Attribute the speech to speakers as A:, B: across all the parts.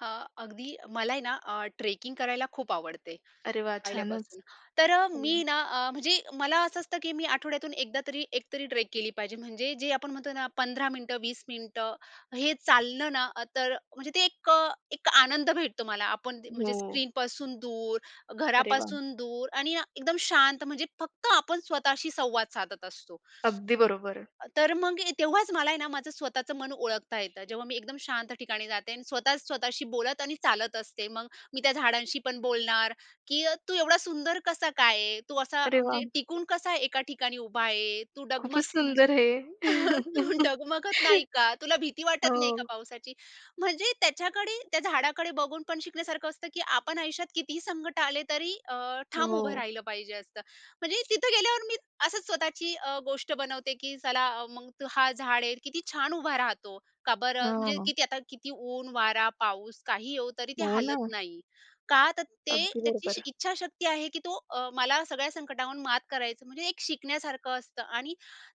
A: हां, अगदी. मला आहे ना अ, ट्रेकिंग करायला खूप आवडते,
B: अरे वाह, छानच,
A: पहिल्यापासून. तर
B: हो.
A: मी ना अ, म्हणजे मला असं असतं की मी आठवड्यातून 1 दा तरी, 1 तरी ट्रेक केली पाहिजे म्हणजे जे आपण म्हणतो ना 15 मिनिटं, 20 मिनिटं हे चाललं ना अ, तर म्हणजे ते एक एक आनंद भेटतो मला. आपण जे म्हणजे,
B: हो.
A: स्क्रीनपासून दूर,
B: अरे वाह!
A: घरापासून दूर आणि ना, एकदम शांत म्हणजे फक्त आपण स्वतःशी संवाद साधत असतो..
B: अगदी बरोबर, आहे.
A: तर मग ए तेव्हाच मला आहे ना, माझं स्वतःचं मन ओळखता येतं. जेव्हा मी एकदम शांत ठिकाणी जाते आणि स्वतःच स्वतःशी बोलत आणि चालत असते, मग मी त्या झाडांशी पण बोलणार की, "तू एवढा सुंदर कसा काय आहे? तू असा
B: अरे
A: म्हणजे
B: वाह!
A: टिकून कसा एका ठिकाणी उभा आहे? तू डगमग
B: खूपच
A: म्हणजे,
B: सुंदर हें.
A: तू डगमगत नाही का? तुला भीती वाटत नाही का
B: हो.
A: पावसाची?" म्हणजे त्याच्याकडे, त्या झाडाकडे बघून पण शिकण्यासारखं असतं, की आपण आयुष्यात कितीही संकट आले तरी अ, ठाम उभं
B: हो.
A: राहिलं पाहिजे असं. म्हणजे तिथं गेल्यावर मी असंच स्वतःची अ, गोष्ट बनवते की चला, मग हा झाड आहे किती छान उभा राहतो! का बरं? म्हणजे
B: हां.
A: किती आता किती ऊन, वारा, पाऊस काही येवो तरी ते
B: हो ना.
A: हालत नाही. का? तर ते
B: अगदी
A: त्याची
B: बरोबर.
A: इच्छाशक्ती आहे की तो अ, मला सगळ्या संकटावर मात करायचं म्हणजे एक शिकण्यासारखं असतं आणि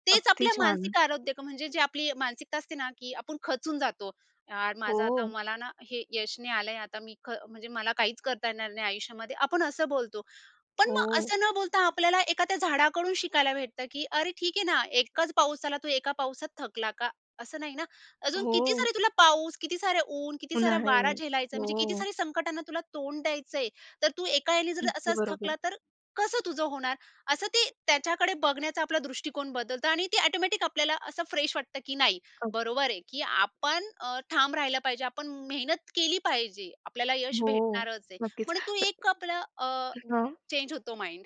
A: तेच
B: अगदी
A: आपल्या
B: छान.
A: मानसिक आरोग्य म्हणजे जी आपली मानसिकता असते ना की आपण खचून जातो. यार, माझं आता,
B: हो.
A: मला ना हे यश नाही आलंय आता मी ख म्हणजे मला काहीच करता येणार नाही आयुष्यामध्ये, आपण असं बोलतो. पण मग
B: हो.
A: असं न बोलता, आपल्याला एखाद्या झाडाकडून शिकायला भेटतं की अरे ठीक आहे ना. एकच पाऊस आला. तू एकाच पावसात थकला का? असं नाही ना. अजून किती
B: हो.
A: सारे तुला पाऊस, किती सारे ऊन, किती सारा
B: उन्हाळे,
A: वारा झेलायचं आहे. म्हणजे किती
B: हो.
A: साऱ्या संकटांना तुला तोंड द्यायचंय. तर तू एका याने जर
B: नक्की
A: असाच
B: बरोबर.
A: थकला तर कसं तुझं होणार? असं ते, त्याच्याकडे बघण्याचा आपला दृष्टिकोन बदलतं आणि ती ऑटोमॅटिक आपल्याला असं फ्रेश वाटतं की नाही.
B: अ
A: बरोबर आहे की आपण अ, ठाम राहिला पाहिजे, आपण मेहनत केली पाहिजे, आपल्याला यश
B: हो,
A: भेटणारच आहे.
B: नक्कीच,
A: पण तू एक आपला अ,
B: अ हां.
A: चेंज होतो माइंड.